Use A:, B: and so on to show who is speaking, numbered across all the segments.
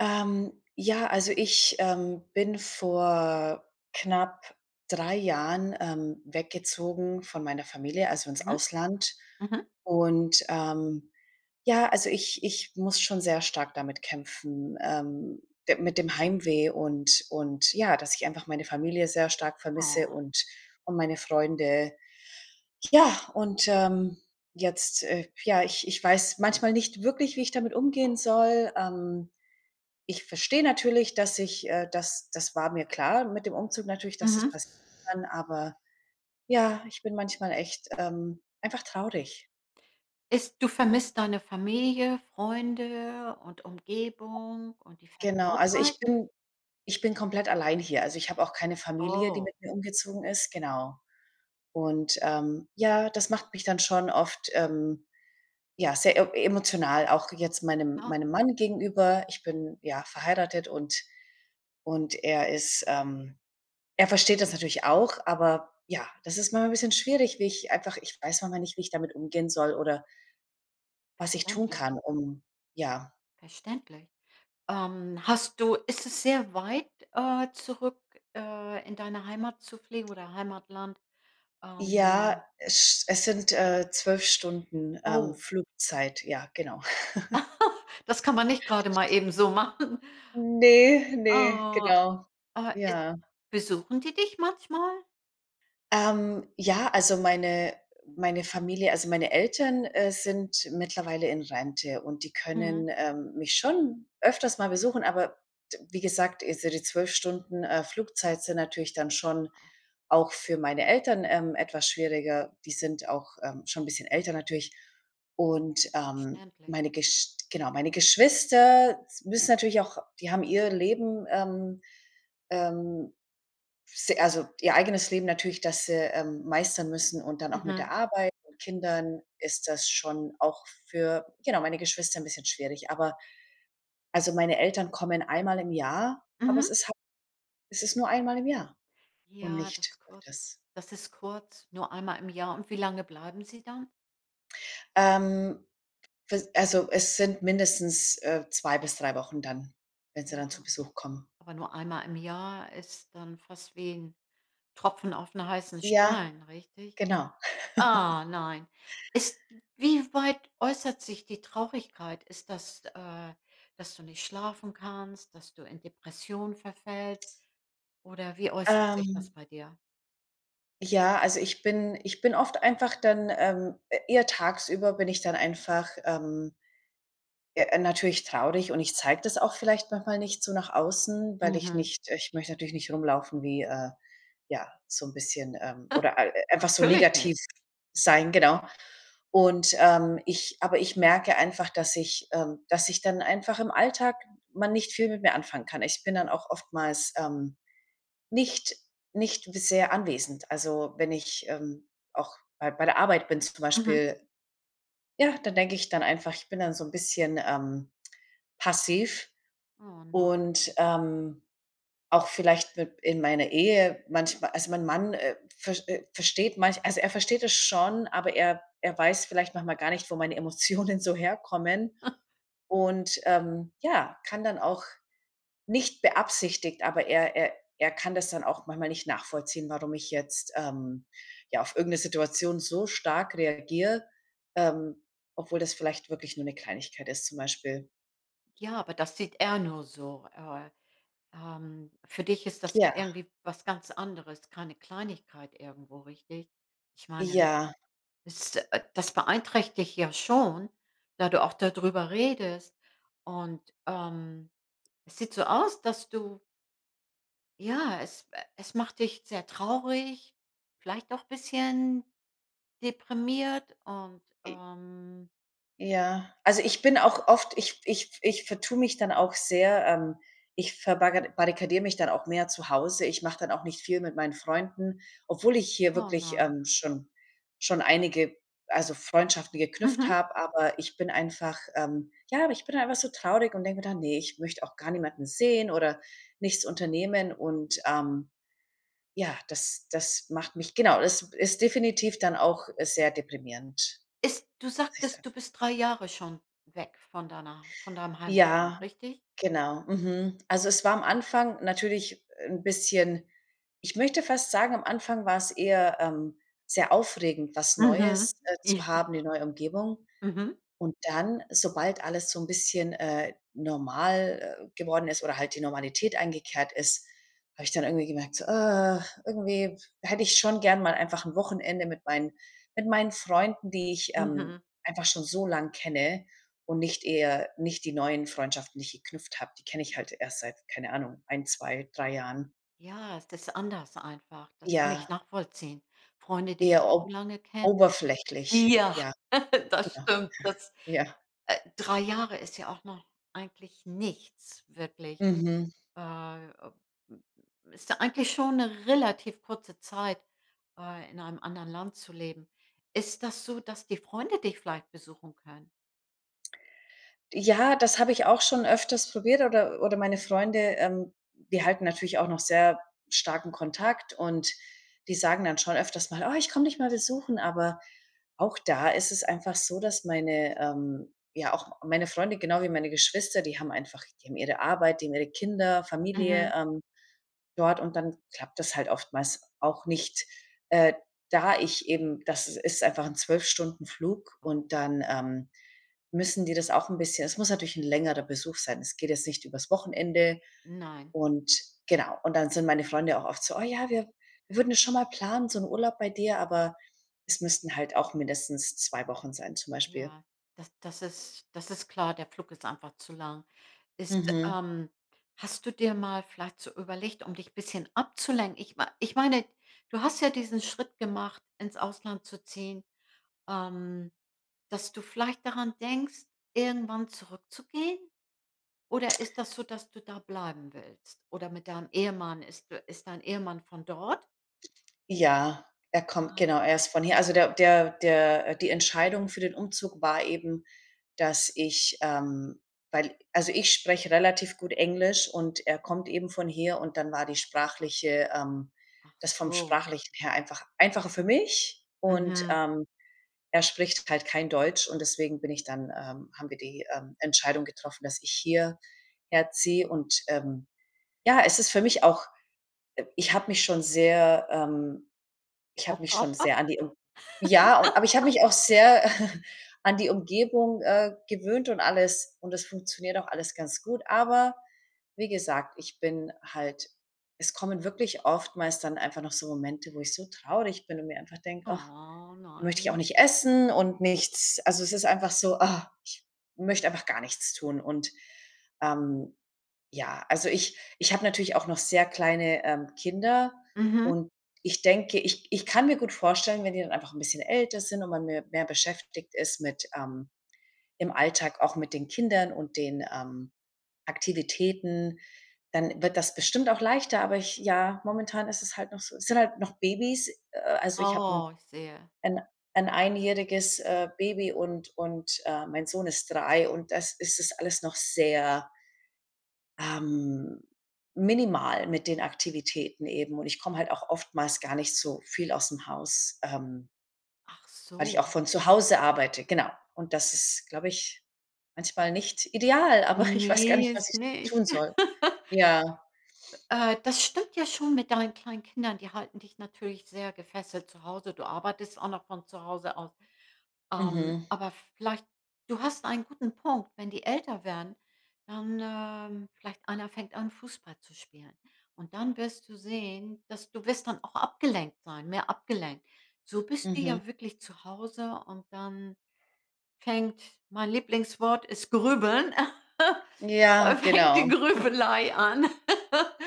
A: Ähm, ja, also ich, ähm, bin vor knapp 3 Jahren, ähm, weggezogen von meiner Familie, also ins
B: Mhm.
A: Ausland.
B: Mhm.
A: Und, ähm, ja, also ich ich muss schon sehr stark damit kämpfen, ähm, de mit dem Heimweh und und ja, dass ich einfach meine Familie sehr stark vermisse
B: Oh.
A: und und meine Freunde. Ja, und, ähm, jetzt äh, ja, ich ich weiß manchmal nicht wirklich, wie ich damit umgehen soll. Ähm, ich verstehe natürlich, dass ich äh, das das war mir klar mit dem Umzug natürlich, dass
B: Mhm.
A: das kann, aber ja, ich bin manchmal echt, ähm, einfach traurig.
B: Ist du vermisst deine Familie, Freunde und Umgebung und die
A: Genau, also ich
B: Vertrautheit?
A: bin ich bin komplett allein hier. Also, ich habe auch keine Familie, die
B: Oh.
A: mit mir umgezogen ist, genau. Und, ähm, ja, das macht mich dann schon oft, ähm, ja sehr emo emotional auch jetzt meinem
B: Ah.
A: meinem Mann gegenüber. Ich bin, ja, verheiratet und und er ist, ähm er versteht das natürlich auch, aber ja, das ist manchmal 'n bisschen schwierig, wie ich einfach ich weiß manchmal nicht, wie ich damit umgehen soll oder was ich tun
B: Okay.
A: kann, um ja
B: Verständlich. Ähm. Hast du ist es sehr weit, äh, zurück, äh, in deine Heimat zu fliegen oder Heimatland?
A: Ja,
B: Ähm.
A: esch es sind, äh, 12 Stunden, ähm,
B: Oh.
A: Flugzeit ja, genau.
B: Das kann man nicht grade mal eben so machen.
A: Ne, ne,
B: Oh.
A: genau.
B: Äh, äh,
A: Ja.
B: besuchen die dich manchmal?
A: Ähm, ja, also, meine meine Familie also, meine Eltern, äh, sind mittlerweile in Rente und die
B: Mhm.
A: können, ähm, mich schon öfters mal besuchen, aber t wie gesagt, diese die 12 Stunden, äh, Flugzeit sind natürlich dann schon
B: Ah.
A: auch für meine Eltern, ähm, etwas schwieriger. Die sind auch, ähm, schon 'n bisschen älter natürlich. Und, ähm,
B: Verständlich.
A: meine Gesch genau, meine Geschwister s müssen natürlich auch die haben ihr Leben, ähm ähm, s also, ihr eigenes Leben natürlich, dass sie meistern müssen und dann auch mit
B: Mhm.
A: der Arbeit und Kindern ist das schon auch für genau, meine Geschwister 'n bisschen schwierig. Aber, also, meine Eltern kommen einmal im Jahr, aber es
B: Mhm.
A: ist ha es ist nur einmal im Jahr und
B: Ja, das
A: nicht
B: kurz
A: öfters.
B: das ist kurz. Nur einmal im Jahr. Und wie lange bleiben sie dann?
A: Ähm, [unintelligible] also, es sind mindestens, äh, 2 bis 3 Wochen dann, wenn sie
B: Ja.
A: dann zu Besuch kommen.
B: Aber nur einmal im Jahr ist dann fast wie 'n Tropfen aufm heißen
A: Ja,
B: Stein, richtig?
A: genau.
B: Ah, nein. Ist wie weit äußert sich die Traurigkeit? Ist das, äh, dass du nicht schlafen kannst, dass du in Depressionen verfällst? Oder wie äußert sich das
A: Ähm.
B: bei dir?
A: Ja, also, ich bin ich bin oft einfach dann, ähm, eher tagsüber bin ich dann einfach, ähm ja, natürlich traurig und ich zeige das auch vielleicht manchmal nicht so nach außen, weil ich
B: Mhm.
A: nicht ich möchte natürlich nicht rumlaufen wie, äh, ja so 'n bisschen, ähm oder e einfach so
B: Natürlich nicht.
A: negativ sein, genau. Und, ähm, ich aber ich merke einfach, dass ich, ähm dass ich dann einfach im Alltag man nicht viel mit mir anfangen kann. Ich bin dann auch oftmals, ähm, nicht nicht sehr anwesend. Also, wenn ich, ähm, auch bei bei der Arbeit bin zum
B: Mhm.
A: Beispiel ja, dann denke ich dann einfach, ich bin dann so ein bisschen, ähm, passiv.
B: Oh, nein.
A: Und, ähm, auch vielleicht mit in meiner Ehe manchmal also, mein Mann, äh, versch äh, versteht manch also, er versteht es schon, aber er er weiß vielleicht manchmal gar nicht, wo meine Emotionen so herkommen und, ähm, ja, kann dann auch nicht beabsichtigt, aber er er er kann das dann auch manchmal nicht nachvollziehen, warum ich jetzt, ähm, ja auf irgend 'ne Situation so stark reagiere, ähm, obwohl das vielleicht wirklich nur 'ne Kleinigkeit ist zum Beispiel.
B: Ja, aber das sieht er nur so. Äh, ähm, für dich ist das ja
A: Ja.
B: irgendwie was ganz anderes, keine Kleinigkeit irgendwo, richtig? Ich meine,
A: Ja.
B: es äh, das beeinträchtigt ja schon, da du auch da drüber redest. Und, ähm, es sieht so aus, dass du Ja, es, äh es macht dich sehr traurig, vielleicht auch bisschen deprimiert und,
A: I
B: ähm
A: Ja. Also, ich bin auch oft ich ich ich vertue mich dann auch sehr, ähm, ich verbarra barrikadiere mich dann auch mehr zu Hause ich mache dann auch nicht viel mit meinen Freunden, obwohl ich hier
B: Oh,
A: wirklich,
B: nein.
A: ähm, schon schon einige also, Freundschaften geknüpft
B: Mhm.
A: habe, aber ich bin einfach, ähm, ja ich bin einfach so traurig und denke mir dann: „Ne, ich möchte auch gar niemanden sehen oder nichts unternehmen“, und, ähm, ja, das das macht mich genau, das ist definitiv dann auch sehr deprimierend.
B: Ist du
A: Muss ich sagen.
B: sagtest, du bist 3 Jahre schon weg von deiner von deinem Heimatland,
A: Ja,
B: richtig?
A: genau. Mhm. Also, es war am Anfang natürlich 'n bisschen ich möchte fast sagen, am Anfang war es eher, ähm, sehr aufregend, was
B: Mhm,
A: Neues, äh,
B: ja.
A: zu haben, die neue Umgebung.
B: Mhm.
A: Und dann, sobald alles so 'n bisschen, äh, normal geworden ist oder halt die Normalität eingekehrt ist, habe ich dann irgendwie gemerkt so, äh, irgendwie hätte ich schon gern mal einfach 'n Wochenende mit meinen mit meinen Freunden, die ich, ähm,
B: Mhm.
A: einfach schon so lang kenne und nicht eher nicht die neuen Freundschaften nicht geknüpft habe, die kenne ich halt erst seit keine Ahnung, 1, 2, 3 Jahren.
B: Ja, es ist anders einfach, das kann ich
A: Ja.
B: nachvollziehen. Freunde, die
A: Eher
B: [unintelligible]
A: ob
B: lange kennen.
A: oberflächlich,
B: Ja.
A: ja.
B: Das
A: Ja.
B: stimmt, das
A: Ja. Ja.
B: äh, 3 Jahre ist ja auch noch eigentlich nichts wirklich.
A: Mhm.
B: Äh, ist da eigentlich schon 'ne relativ kurze Zeit, bei in einem anderen Land zu leben. Ist das so, dass die Freunde dich vielleicht besuchen können?
A: Ja, das habe ich auch schon öfters probiert oder oder meine Freunde, ähm, die halten natürlich auch noch sehr starken Kontakt, und die sagen dann schon öfters mal: „Oh, ich komm dich mal besuchen.“ Aber auch da ist es einfach so, dass meine ähm, ja auch meine Freunde genau wie meine Geschwister, die haben einfach die haben ihre Arbeit, die haben ihre Kinder, Familie,
B: Mhm.
A: ähm, dort, und dann klappt das halt oftmals auch nicht. Äh, da ich eben das ist einfach 'n 12 Stunden Flug
B: Mhm.
A: und dann, ähm, müssen die das auch 'n bisschen es muss natürlich 'n längerer Besuch sein. Es geht jetzt nicht übers Wochenende
B: Nein.
A: und genau. Und dann sind meine Freunde auch oft so: „Oh, ja, wir wir würden es schon mal planen, so 'n Urlaub bei dir“, aber es müssten halt auch mindestens 2 Wochen sein zum Beispiel.
B: Ja, das das ist das ist klar, der Flug ist einfach zu lang. Ist
A: Mhm.
B: ähm, hast du dir mal vielleicht so überlegt, um dich bisschen abzulenken? Ich mei ich meine, du hast ja diesen Schritt gemacht, ins Ausland zu ziehen, ähm, dass du vielleicht daran denkst, irgendwann zurückzugehen? Oder ist das so, dass du da bleiben willst? Oder mit deinem Ehemann ist d ist dein Ehemann von dort?
A: Ja, er kommt
B: Ah.
A: genau, er ist von hier. Also, der der der die Entscheidung für den Umzug war eben, dass ich ähm, weil also, ich spreche relativ gut Englisch, und er kommt eben von hier, und dann war die sprachliche ähm, das vom
B: Achso.
A: Sprachlichen her einfach einfacher für mich und,
B: Mhm.
A: ähm, er spricht halt kein Deutsch, und deswegen bin ich dann ähm, haben wir die, ähm, Entscheidung getroffen, dass ich hier herziehe und, ähm, ja es ist für mich auch ich habe mich schon sehr, ähm ich habe mich schon
B: Aufgeopfert?
A: sehr an die ja, aber ich habe mich auch sehr an die Umgebung, äh, gewöhnt und alles, und das funktioniert auch alles ganz gut. Aber, wie gesagt, ich bin halt es kommen wirklich oftmals dann einfach noch so Momente, wo ich so traurig bin und mir einfach denke, ach,
B: Oh
A: dann möchte ich auch
B: nein.
A: nicht essen und nichts. Also, es ist einfach so, ah, ich möchte einfach gar nichts tun und, ähm, ja. Also, ich ich habe natürlich auch noch sehr kleine, ähm, Kinder
B: Mhm.
A: und ich denke ich ich kann mir gut vorstellen, wenn die dann einfach 'n bisschen älter sind und man mir mehr beschäftigt ist mit, ähm, im Alltag auch mit den Kindern und den, ähm, Aktivitäten, dann wird das bestimmt auch leichter, aber ich ja, momentan ist es halt noch so, sind halt noch Babys, äh, also ich habe 'n
B: Oh, ich sehe.
A: 'n 'n einjähriges, äh, Baby und und, ähm, mein Sohn ist 3 und das ist es alles noch sehr ähm, minimal mit den Aktivitäten eben und ich komme halt auch oftmals gar nicht so viel ausm Haus, ähm
B: Ach
A: weil ich auch
B: so.
A: von zu Hause arbeite, genau. Und das ist, glaube ich, manchmal nicht ideal, aber ich weiß gar
B: Ne,
A: nicht, was
B: ist
A: ich
B: nicht.
A: tun soll. Ja.
B: Äh, das stimmt ja schon mit deinen kleinen Kindern. Die halten dich natürlich sehr gefesselt zu Hause. Du arbeitest auch noch von zu Hause aus. Ähm,
A: Mhm.
B: aber vielleicht du hast einen guten Punkt, wenn die älter werden, dann, ähm, vielleicht einer fängt an, Fußball zu spielen. Und dann wirst du sehen, dass du wirst dann auch abgelenkt sein mehr abgelenkt. So bist du
A: Mhm.
B: ja wirklich zu Hause und dann fängt mein Lieblingswort ist Grübeln,
A: Ja,
B: fängt die
A: genau.
B: Grübelei an,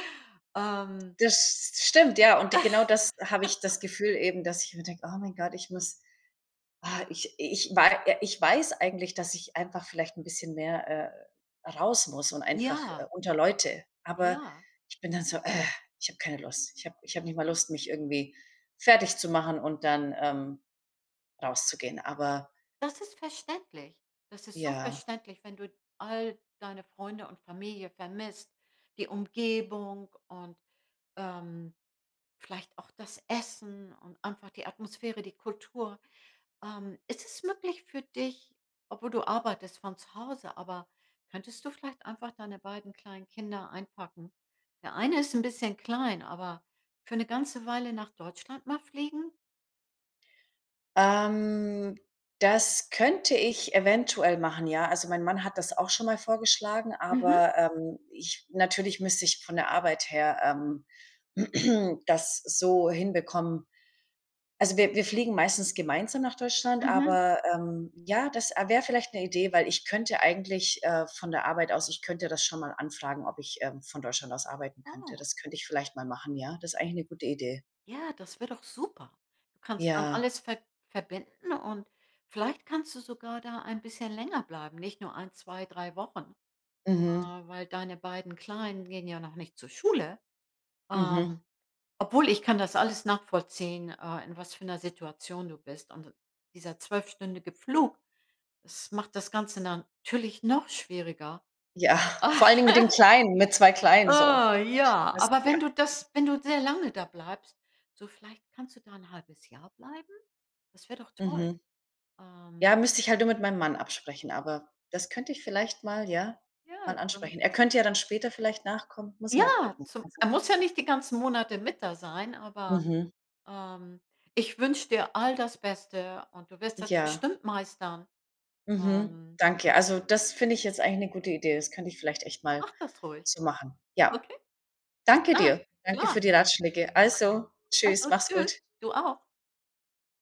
B: ähm.
A: Das s stimmt, ja und genau das habe ich das Gefühl eben, dass ich immer denke, oh mein Gott, ich muss ah, ich ich war ja ich weiß eigentlich, dass ich einfach vielleicht 'n bisschen mehr, äh, raus muss und einfach
B: Ja.
A: unter Leute. Aber
B: Ja.
A: ich bin dann so: „Äh, ich habe keine Lust.“ Ich habe ich habe nicht mal Lust, mich irgendwie fertigzumachen und dann, ähm, rauszugehen. Aber
B: Das ist verständlich. Das ist so
A: Ja.
B: verständlich, wenn du all deine Freunde und Familie vermisst, die Umgebung und, ähm, vielleicht auch das Essen und einfach die Atmosphäre, die Kultur, ähm. Ist es möglich für dich obwohl du arbeitest von zu Hause, aber könntest du vielleicht einfach deine beiden kleinen Kinder einpacken? Der eine ist 'n bisschen klein, aber für 'ne ganze Weile nach Deutschland mal fliegen?
A: Ähm. Das könnte ich eventuell machen, ja. Also, mein Mann hat das auch schon mal vorgeschlagen,
B: Mhm.
A: aber, ähm, ich natürlich müsste ich von der Arbeit her, ähm, das so hinbekommen. Also, wir wir fliegen meistens gemeinsam nach Deutschland
B: Mhm.
A: aber, ähm, ja das wäre vielleicht 'ne Idee, weil ich könnte eigentlich, äh, von der Arbeit aus ich könnte das schon mal anfragen ob ich, ähm, von Deutschland aus arbeiten könnte,
B: Oh.
A: das könnte ich vielleicht mal machen ja, das ist eigentlich eine gute Idee.
B: Ja, das wäre doch super. Du kannst dann
A: Ja.
B: alles ver verbinden, und vielleicht kannst du sogar da ein bisschen länger bleiben, nicht nur 1, 2, 3 Wochen, äh,
A: Mhm.
B: weil deine beiden Kleinen gehen ja noch nicht zur Schule.
A: Mhm.
B: Ähm, obwohl ich kann das alles nachvollziehen, äh, in was für 'ner Situation du bist. Und dieser zwölfstündige Flug, das macht das Ganze natürlich noch schwieriger.
A: Ja, vor allen Dingen mit den Kleinen, mit 2 Kleinen so.
B: Oh ja, aber wenn du
A: [unintelligible]
B: das wenn du sehr lange da bleibst, so vielleicht kannst du da 'n 1/2 Jahr bleiben? Das wäre doch toll.
A: Mhm.
B: Ähm.
A: Ja, müsste ich halt nur mit meinem Mann absprechen, aber das könnte ich vielleicht mal ja,
B: Ja,
A: mal
B: dann
A: ansprechen. Er könnte ja dann später vielleicht nachkommen, muss ich mal
B: Ja,
A: gucken,
B: zum
A: also
B: er muss ja nicht die ganzen Monate mit da sein, aber,
A: Mhm.
B: ähm, ich wünsche dir all das Beste, und du wirst das
A: Ja.
B: bestimmt meistern.
A: Mhm.
B: Ähm.
A: Danke. Also, das finde ich jetzt eigentlich 'ne gute Idee. Das könnte ich vielleicht echt mal
B: Mach das ruhig.
A: so machen. Ja.
B: Okay? Bis
A: Danke
B: dann,
A: dir. Danke für
B: klar.
A: die Ratschläge. Also,
B: Mach's
A: tschüss,
B: gut,
A: mach's
B: tschüss.
A: gut.
B: Du auch.